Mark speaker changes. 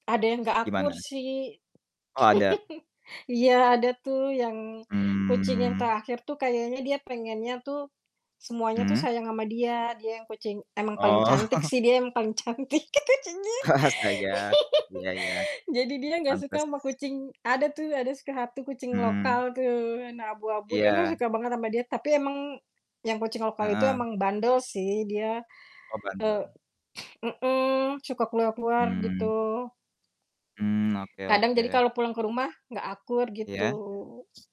Speaker 1: Ada yang gak akur
Speaker 2: Gimana?
Speaker 1: sih.
Speaker 2: Oh, ada?
Speaker 1: Iya, ada tuh yang kucing yang
Speaker 2: Mmm.
Speaker 1: terakhir tuh kayaknya dia pengennya tuh semuanya tuh
Speaker 2: Mmm.
Speaker 1: sayang sama dia. Dia yang kucing emang paling
Speaker 2: Oh.
Speaker 1: cantik sih, dia yang paling cantik, gitu jadi
Speaker 2: Astaga. Iya iya
Speaker 1: jadi dia enggak suka
Speaker 2: pantas.
Speaker 1: sama kucing ada tuh ada suka hati kucing
Speaker 2: Mhm.
Speaker 1: lokal tuh warna abu-abu dia enggak
Speaker 2: Iya.
Speaker 1: suka banget sama dia, tapi emang yang kucing lokal itu
Speaker 2: Heeh.
Speaker 1: emang bandel sih. Dia,
Speaker 2: Oh,
Speaker 1: eee,
Speaker 2: bandel.
Speaker 1: mhm, suka keluar-keluar gitu.
Speaker 2: Mmm. Mmm, oke
Speaker 1: Kadang jadi
Speaker 2: oke.
Speaker 1: kalo pulang ke rumah enggak akur gitu.
Speaker 2: Iya.